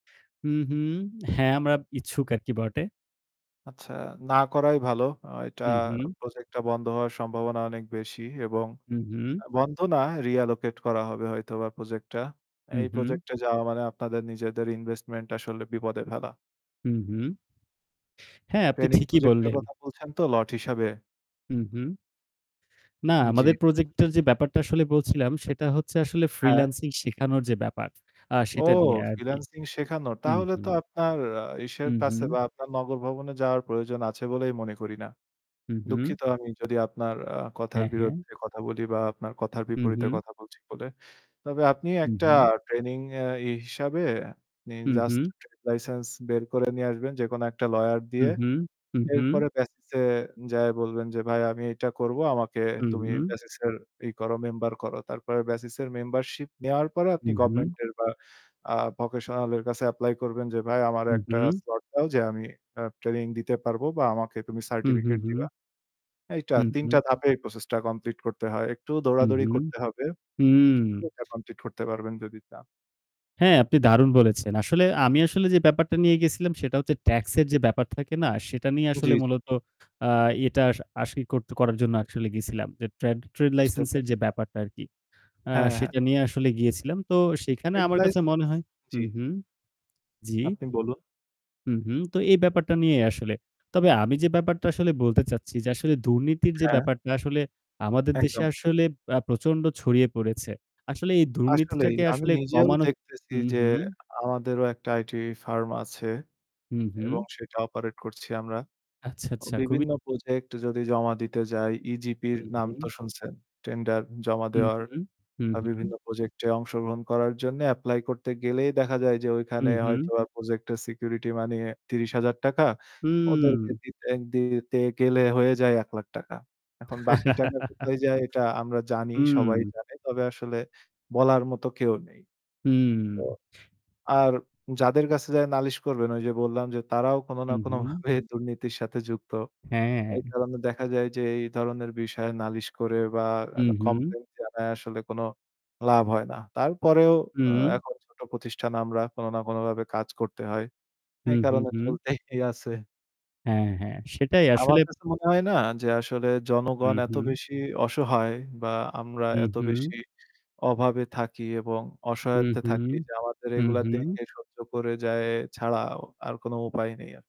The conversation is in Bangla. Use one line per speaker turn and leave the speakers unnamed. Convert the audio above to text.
হুম, হুম। হ্যাঁ, আমরা ইচ্ছুক আর কি বটে।
আচ্ছা, না করাই ভালো। আ এটা
উম হুম।
project টা বন্ধ হওয়ার সম্ভাবনা অনেক বেশি এবং
হুম, হুম।
আ বন্ধ না, reallocate করা হবে হয়তোবা project টা।
হুম,
এই
হুম।
project এ যাওয়া মানে আপনাদের নিজেদের investment আসলে বিপদে ফেলা।
হুম, হুম। হ্যাঁ, আপনি
Training
ঠিকই
project এর
বললেন।
কথা বলছেন তো lot হিসেবে?
হুম, হুম। না,
উম জি
আমাদের
বুঝতে পেরেছি।
প্রজেক্টের যে ব্যাপারটা আসলে বলছিলাম, সেটা হচ্ছে আসলে
হ্যাঁ।
freelancing শেখানোর যে ব্যাপার, আ
ও!
সেটা নিয়ে আর কি।
freelancing শেখানো।
হুম,
তাহলে তো
হুম।
আপনার আ ইসের
হুম,
কাছে
হুম।
বা আপনার নগর ভবনে যাওয়ার প্রয়োজন আছে বলেই মনে করি না।
হুম, হুম।
দুঃখিত আমি যদি আপনার আ কথার
হ্যাঁ, হ্যাঁ।
বিরুদ্ধে কথা বলি বা আপনার কথার
হুম,
বিপরীতে
হুম।
কথা বলছি বলে। তবে আপনি
হুম,
একটা
হুম।
training আ ই হিসেবে আপনি
হুম,
just
হুম।
trade license বের করে নিয়ে আসবেন, যেকোনো একটা lawyer
হুম,
দিয়ে।
হুম। হুম, হুম।
এরপরে BASIS এ যেয়ে বলবেন যে, "ভাই আমি এইটা করব। আমাকে
হুম,
তুমি
হুম।
BASIS ই করো, member করো।" তারপরে BASIS এর membership নেওয়ার পরে, আপনি
হুম, হুম।
government এর বা আ vocational এর কাছে apply করবেন যে, "ভাই, আমারে
হুম,
একটা
হুম।
slot দাও, যে আমি আ training দিতে পারব বা আমাকে তুমি
হুম, হুম,
certificate
হুম।
দিবা।" এইটা,
হুম,
৩
হুম।
টা ধাপে এই process টা complete করতে হয়। একটু
হুম,
দৌড়াদৌড়ি
হুম।
করতে হবে।
হুম!
[unintelligible] এটা complete করতে পারবেন যদি চান।
হ্যাঁ, আপনি দারুণ বলেছেন! আসলে আমি আসলে যে ব্যাপারটা নিয়ে গেছিলাম সেটা হচ্ছে ট্যাক্সের যে ব্যাপার থাকে না? সেটা নিয়ে
জি,
আসলে
জি।
মূলত আ এটা সা আসি করত করার জন্য actually গিয়েছিলাম। যে trad trade
বুঝতে
license
পারছি।
এর যে ব্যাপারটা আরকি, আ
হ্যাঁ, হ্যাঁ।
সেটা নিয়ে আসলে গিয়েছিলাম। তো সেইখানে
Trade
আমার কাছে মনে
license
হয়
জি।
হুম, হুম। জি।
আপনি বলুন।
হুম, হুম। তো এই ব্যাপারটা নিয়েই আসলে। তবে আমি যে ব্যাপারটা আসলে বলতে চাচ্ছি, যে আসলে দুর্নীতির যে
হ্যাঁ।
ব্যাপারটা আসলে আমাদের দেশে
একদম।
আসলে আ প্রচণ্ড ছড়িয়ে পড়েছে। আসলে এই
আসলেই,
দুর্নীতিটাকে
আমি
আসলে
নিজেও
কমানো
দেখতেছি
হুম,
যে,
হুম।
আমাদেরও একটা IT firm আছে
হুম,
অ্যা এবং
হুম।
সেটা operate করছি আমরা।
আচ্ছা,
ও
আচ্ছা খুবই
বিভিন্ন project যদি জমা দিতে যাই, EGP র
হুম,
নাম
হুম।
তো শুনছেন। Tender জমা
হুম,
দেওয়ার
হুম। হুম,
আ
হুম।
বিভিন্ন project এ অংশগ্রহণ করার জন্যে apply করতে গেলেই দেখা যায় যে ওইখানে
হুম, হুম।
হয়তোবা project এর security money ৳৩০,০০০
হুম!
ওদেরকে দিতে দিতে গেলে হয়ে যায় ৳১,০০,০০০ এখন বাকি টাকা কোথায় যায় এটা আমরা জানি, সবাই
হুম।
জানে। তবে আসলে বলার মতো কেউ নেই। তো
হুম।
আর যাদের কাছে যেয়ে নালিশ করবেন, ওই যে বললাম যে, তারাও কোনো না
হুম, হুম।
কোনোভাবে দুর্নীতির সাথে যুক্ত।
হ্যাঁ,
এই
হ্যাঁ।
কারণে দেখা যায় যে, এই ধরনের বিষয়ে নালিশ করে বা আ
হুম, হুম।
complaint জানায় আসলে কোনো লাভ হয় না। তারপরেও আ
হুম।
এখন ছোট প্রতিষ্ঠান আমরা, কোনো না কোনোভাবে কাজ করতে হয়। এই
হুম, হুম,
কারণে
হুম।
চলতেই আছে।
হ্যাঁ, হ্যাঁ সেটাই
আমার
আসলে
কাছে মনে হয় না! যে আসলে জনগণ
হুম,
এত
হুম।
বেশি অসহায় বা আমরা
হুম,
এত
হুম।
বেশি অভাবে থাকি এবং
হুম,
অসহায়ত্বে
হুম।
থাকি যে, আমাদের
হুম,
এগুলা
হুম।
দেখে সহ্য করে যাওয়া ছাড়া ও আর কোনো উপায় নেই আ